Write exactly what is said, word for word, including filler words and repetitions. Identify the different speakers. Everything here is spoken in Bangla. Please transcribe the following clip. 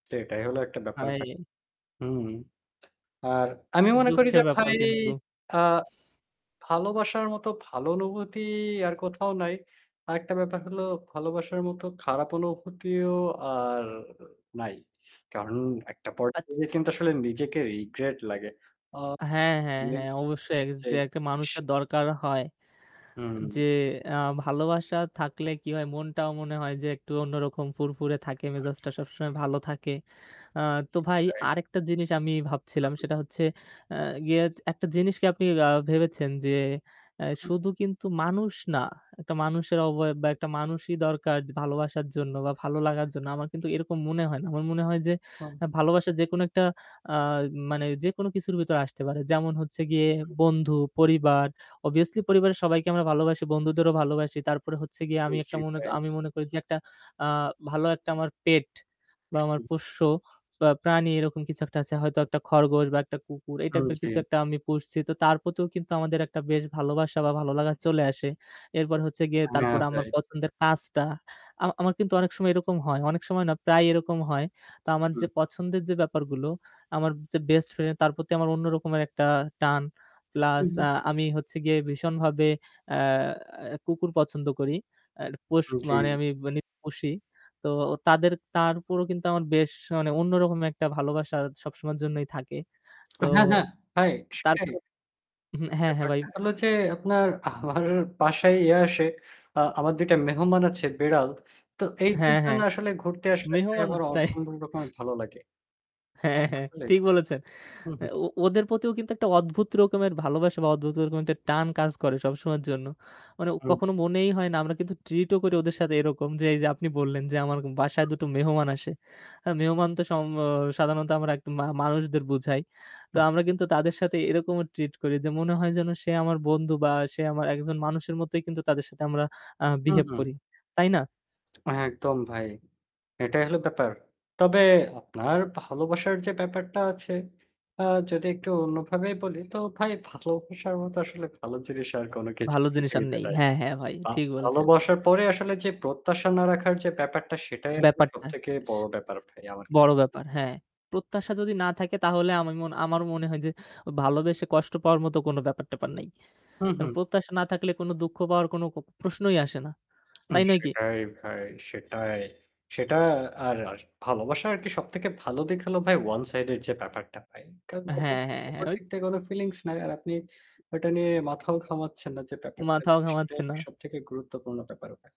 Speaker 1: সেটাই হলো একটা ব্যাপার। আ
Speaker 2: হাই।
Speaker 1: হুম। আর আমি মনে করি
Speaker 2: দুঃখের
Speaker 1: যে
Speaker 2: ব্যাপার
Speaker 1: ভাই
Speaker 2: কিন্তু।
Speaker 1: আ ভালোবাসার মতো ভালো অনুভূতি আর কোথাও নাই। আরেকটা ব্যাপার হল ভালোবাসার মতো খারাপ অনুভূতিও আর নাই। কারণ একটা
Speaker 2: আচ
Speaker 1: পর্যায়ে কিন্তু আসলে নিজেকে রিগ্রেট লাগে। আ
Speaker 2: হ্যাঁ, হ্যাঁ,
Speaker 1: মে
Speaker 2: হ্যাঁ অবশ্যই
Speaker 1: যে
Speaker 2: যে একটা
Speaker 1: স
Speaker 2: মানুষের দরকার হয়। যে
Speaker 1: হুম।
Speaker 2: আ ভালোবাসা থাকলে কি হয় মনটাও মনে হয় যে একটু অন্যরকম ফুরফুরে থাকে মেজাজটা সবসময় ভালো থাকে। আ তো
Speaker 1: জি,
Speaker 2: ভাই
Speaker 1: ভাই।
Speaker 2: আরেকটা জিনিস আমি ভাবছিলাম
Speaker 1: হুম।
Speaker 2: সেটা হচ্ছে আ গিয়ে একটা জিনিসকে আপনি আ ভেবেছেন যে আ
Speaker 1: হুম।
Speaker 2: শুধু কিন্তু মানুষ না। একটা মানুষের অবয়ব বা একটা মানুষই দরকার ভালোবাসার জন্য বা ভালো লাগার জন্য। আমার কিন্তু এরকম মনে হয় না। আমার মনে হয় যে
Speaker 1: হুম।
Speaker 2: আ ভালোবাসা যেকোনো একটা আ মানে যেকোনো কিছুর ভেতরে আসতে পারে। যেমন হচ্ছে গিয়ে
Speaker 1: উ হু।
Speaker 2: বন্ধু, পরিবার অভিয়াসলি পরিবারের সবাইকে আমরা ভালোবাসি, বন্ধুদেরও ভালোবাসি। তারপরে হচ্ছে গিয়ে
Speaker 1: উ
Speaker 2: আমি একটা
Speaker 1: জি
Speaker 2: মনে
Speaker 1: ভাই।
Speaker 2: আমি মনে করি যে একটা আ ভালো একটা আমার পেট বা
Speaker 1: উ
Speaker 2: আমার
Speaker 1: হু।
Speaker 2: পোষ্য বা প্রাণী এরকম কিছু একটা আছে। হয়তো একটা খরগোশ বা একটা কুকুর এই
Speaker 1: উম
Speaker 2: টাইপের
Speaker 1: জি।
Speaker 2: কিছু একটা আমি পুষছি। তো তার প্রতিও কিন্তু আমাদের একটা বেশ ভালোবাসা বা ভালোলাগা চলে আসে। এরপর হচ্ছে গিয়ে
Speaker 1: হ্যাঁ
Speaker 2: তারপরে আমার
Speaker 1: ভাই।
Speaker 2: পছন্দের কাজটা আমা আমার কিন্তু অনেক সময় এরকম হয়। অনেক সময় না প্রায় এরকম হয়। তো আমার যে
Speaker 1: হুম।
Speaker 2: পছন্দের যে ব্যাপারগুলো আমার যে বেস্ট ফ্রেন্ড তার প্রতি আমার অন্য রকমের একটা টান প্লাস
Speaker 1: হুম।
Speaker 2: আ আমি হচ্ছে গিয়ে ভীষণভাবে আ আ কুকুর পছন্দ করি। আ পোষ মানে
Speaker 1: জী।
Speaker 2: আমি নিপোষি তো তাদের তার উপরেও কিন্তু আমার বেশ মানে অন্যরকম একটা ভালোবাসা সবসময়ের জন্যই থাকে। তো
Speaker 1: হ্যাঁ, হ্যাঁ ভাই,
Speaker 2: তারপ
Speaker 1: সেটাই।
Speaker 2: উ হ্যাঁ, হ্যাঁ ভাই।
Speaker 1: ব্যাপারটা হলো যে আপনার আমার বাসায় ইয়ে আসে, আ আমার দুই টা মেহমান আছে বেড়াল। তো এই দুই
Speaker 2: হ্যাঁ,
Speaker 1: জন
Speaker 2: হ্যাঁ।
Speaker 1: আসলে ঘুরতে আসলে
Speaker 2: মেহমান
Speaker 1: আমার
Speaker 2: আছে।
Speaker 1: অসম্ভবণ ভালো লাগে।
Speaker 2: হ্যাঁ, হ্যাঁ
Speaker 1: আসলে
Speaker 2: ঠিক
Speaker 1: ভাই
Speaker 2: বলেছেন।
Speaker 1: হু,
Speaker 2: আ
Speaker 1: হু।
Speaker 2: ও ওদের প্রতিও কিন্তু একটা অদ্ভুত রকমের ভালোবাসা বা অদ্ভুত রকমের একটা টান কাজ করে সবসময়ের জন্য। মানে
Speaker 1: উ
Speaker 2: কখনো
Speaker 1: জি।
Speaker 2: মনেই হয় না আমরা কিন্তু ট্রিট ও করি ওদের সাথে এরকম যে এইযে আপনি বললেন যে আমার
Speaker 1: হু,
Speaker 2: বাসায়
Speaker 1: হু।
Speaker 2: দুটো মেহমান আসে। আ মেহমান তো সম অ সাধারণত আমরা মা মানুষদের বুঝাই। তো
Speaker 1: উহ
Speaker 2: আমরা কিন্তু তাদের সাথে এরকমও ট্রিট করি যে মনে হয় যেন সে আমার বন্ধু বা সে আমার একজন মানুষের মতোই কিন্তু তাদের সাথে আমরা আ
Speaker 1: হুম,
Speaker 2: বিহেভ
Speaker 1: হুম।
Speaker 2: করি। তাই না?
Speaker 1: একদম ভাই। এটাই হলো ব্যাপার। তবে আপনার ভালোবাসার যে ব্যাপারটা আছে, আ যদি একটু অন্যভাবে বলি তো ভাই ভালোবাসার মতো আসলে ভালো জিনিস আর কোনো কিছু
Speaker 2: ভালো জিনিস আর
Speaker 1: পৃথিবীতে
Speaker 2: নেই।
Speaker 1: নাই।
Speaker 2: হ্যাঁ, হ্যাঁ ভাই
Speaker 1: আ
Speaker 2: ঠিক বলেছেন।
Speaker 1: ভালোবাসার পরে আসলে যে প্রত্যাশা না রাখার যে ব্যাপারটা সেটাই আসলে
Speaker 2: ব্যাপারটা।
Speaker 1: সবথেকে
Speaker 2: স
Speaker 1: বড়
Speaker 2: আ
Speaker 1: ব্যাপার ভাই আমার কাছে।
Speaker 2: বড় ব্যাপার হ্যাঁ। প্রত্যাশা যদি না থাকে তাহলে আমার মন আমার মনে হয় যে ভালোবেসে কষ্ট পাওয়ার মতো কোনো ব্যাপার-ট্যাপার নাই।
Speaker 1: হুম,
Speaker 2: কারণ
Speaker 1: হুম।
Speaker 2: প্রত্যাশা না থাকলে কোনো দুঃখ পাওয়ার কোনো প্রশ্নই আসে না।
Speaker 1: উহ
Speaker 2: তাই নয় কি?
Speaker 1: সেটাই ভাই, সেটাই। সেটা আর ভালোবাসা আরকি সবথেকে ভালো দিক হলো ভাই ওয়ান সাইড এর যে ব্যাপারটা ভাই। কারণ অপর
Speaker 2: হ্যাঁ, হ্যাঁ, হ্যাঁ।
Speaker 1: অপর
Speaker 2: অইত
Speaker 1: দিক থেকে কোনো ফিলিংস নাই। আর আপনি ওইটা নিয়ে মাথাও ঘামাচ্ছেন না যে ব্যাপারটা
Speaker 2: মাথাও
Speaker 1: সেটা
Speaker 2: ঘামাচ্ছে
Speaker 1: আর কি
Speaker 2: না।
Speaker 1: সবথেকে গুরুত্বপূর্ণ ব্যাপার ভা